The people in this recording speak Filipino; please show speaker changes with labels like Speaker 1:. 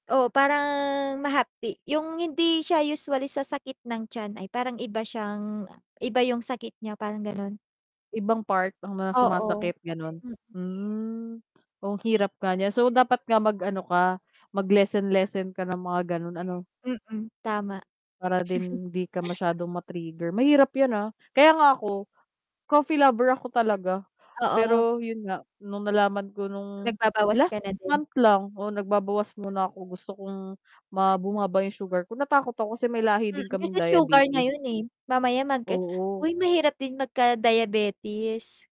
Speaker 1: Oo, parang mahapdi, yung hindi siya usually sa sakit ng tiyan ay parang iba siyang, a iba yung sakit niya parang gano'n.
Speaker 2: Ibang part ang mga
Speaker 1: Oo.
Speaker 2: sumasakit gano'n?
Speaker 1: Mm.
Speaker 2: Hmm, oo ang hirap nga niyan so dapat nga mag-ano ka, mag lessen, lessen ka ng mga gano'n ano?
Speaker 1: Mm, tama.
Speaker 2: Para din 'di ka masyadong matrigger. Mahirap yan, ah, kaya nga ako, coffee lover ako talaga,
Speaker 1: Oo.
Speaker 2: pero 'yun nga nung nalaman ko nung
Speaker 1: Nagbabawas ka
Speaker 2: last
Speaker 1: na din?
Speaker 2: month lang, oh, nagbabawas muna ako gusto kong ma bumaba yung sugar ko. Natakot ako kasi may lahi din
Speaker 1: Hmm,
Speaker 2: kaming
Speaker 1: kasi sugar nga
Speaker 2: diabetes.
Speaker 1: 'yun, eh, mamaya mag
Speaker 2: Oo.
Speaker 1: uy, mahirap din magka-diabetes.